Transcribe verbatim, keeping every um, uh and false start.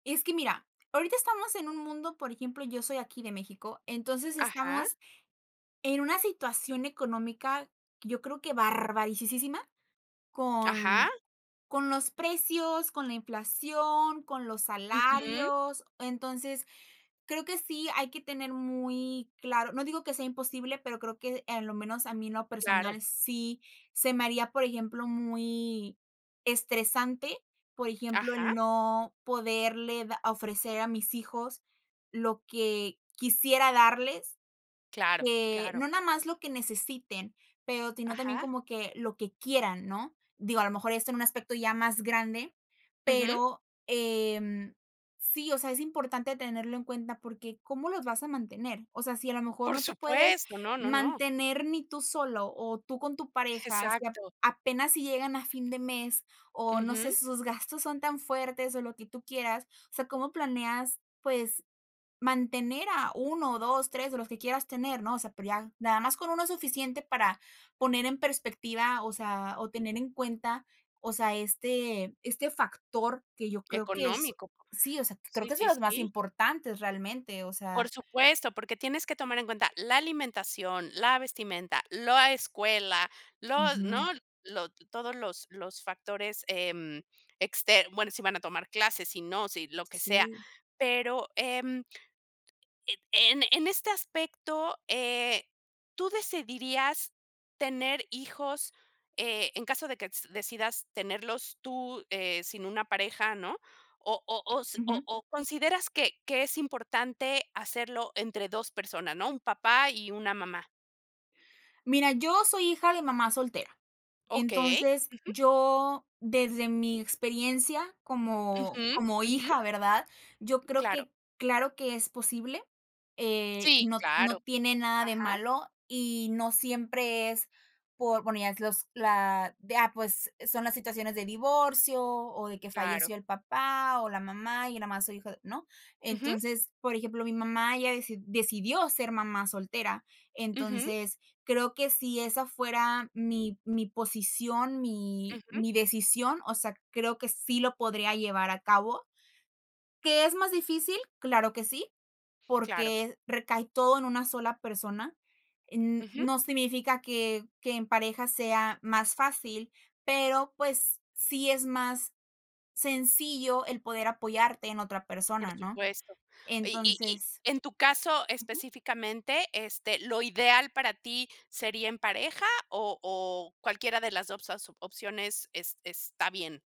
Es que mira, ahorita estamos en un mundo, por ejemplo, yo soy aquí de México. Entonces, Ajá. estamos en una situación económica, yo creo que barbarisísisima, Ajá. con con los precios, con la inflación, con los Ujú. salarios. Entonces, creo que sí hay que tener muy claro. No digo que sea imposible, pero creo que, en lo menos, a mí, en lo Claro. personal, sí se me haría, por ejemplo, muy estresante, por ejemplo, el Ajá. no poderle da ofrecer a mis hijos lo que quisiera darles, Claro, eh, claro. no nada más lo que necesiten, pero, sino también Ajá. como que lo que quieran, ¿no? Digo, a lo mejor esto en un aspecto ya más grande, Ujú. pero, em, sí. O sea, es importante tenerlo en cuenta, porque ¿cómo los vas a mantener? O sea, si a lo mejor Por no te puedes supuesto, no, no, no. mantener ni tú solo, o, tú con tu pareja, si a Exacto. apenas si llegan a fin de mes, o, no sé, Ujú. sus gastos son tan fuertes, o, lo que tú quieras. O sea, ¿cómo planeas, pues, mantener a uno, o, dos tres, o, lo que quieras tener?, ¿no? O sea, pero ya nada más con uno es suficiente para poner en perspectiva, o sea, o tener en cuenta, o sea, este este factor que yo creo que es Económico, por sí, o sea, creo sí, que es de sí, los más sí. importantes realmente. O sea Por supuesto, porque tienes que tomar en cuenta la alimentación, la vestimenta, lo a escuela, los ¿no? Ujú. Lo todos los los factores, em, exter bueno, si van a tomar clases, si no, si lo que sea. Sí. Pero, em en en en este aspecto, eh, ¿tú decidirías tener hijos, eh, en caso de que s decidas tenerlos tú, eh, sin una pareja, ¿no? ¿O o o s o Ujú. o, consideras que que es importante hacerlo entre dos personas, ¿no? Un papá y una mamá. Mira, yo soy hija de mamá soltera. Okey, Entonces ujú. yo, desde mi experiencia como Ujú, como ujú. hija, ¿verdad? Yo creo Claro. que claro que es posible, eh, Sí, no claro. no tiene nada de Ajá. malo, y no siempre es por bueno, ya es los la de ah, pues, e son las situaciones de divorcio, o, de que Claro. falleció el papá, o, la mamá, y yo nada más soy hija de ¿no? Ujú. Entonces, por ejemplo, mi mamá, ella deci decidió ser mamá soltera, Ujú. entonces creo que si esa fuera mi mi posición, mi Ujú. mi decisión, o sea, creo que sí lo podría llevar a cabo. ¿Qué es más difícil? Claro que sí, Claro. porque recae todo en una sola persona, n Ujú. no significa que que en pareja sea más fácil, pero, pues, sí es más sencillo el poder apoyarte en otra Por persona, ¿no? supuesto. Y y y Entonces en tu caso Ujú. específicamente, este, ¿lo ideal para ti sería en pareja, o o, cualquiera de las dos as opciones es está bien?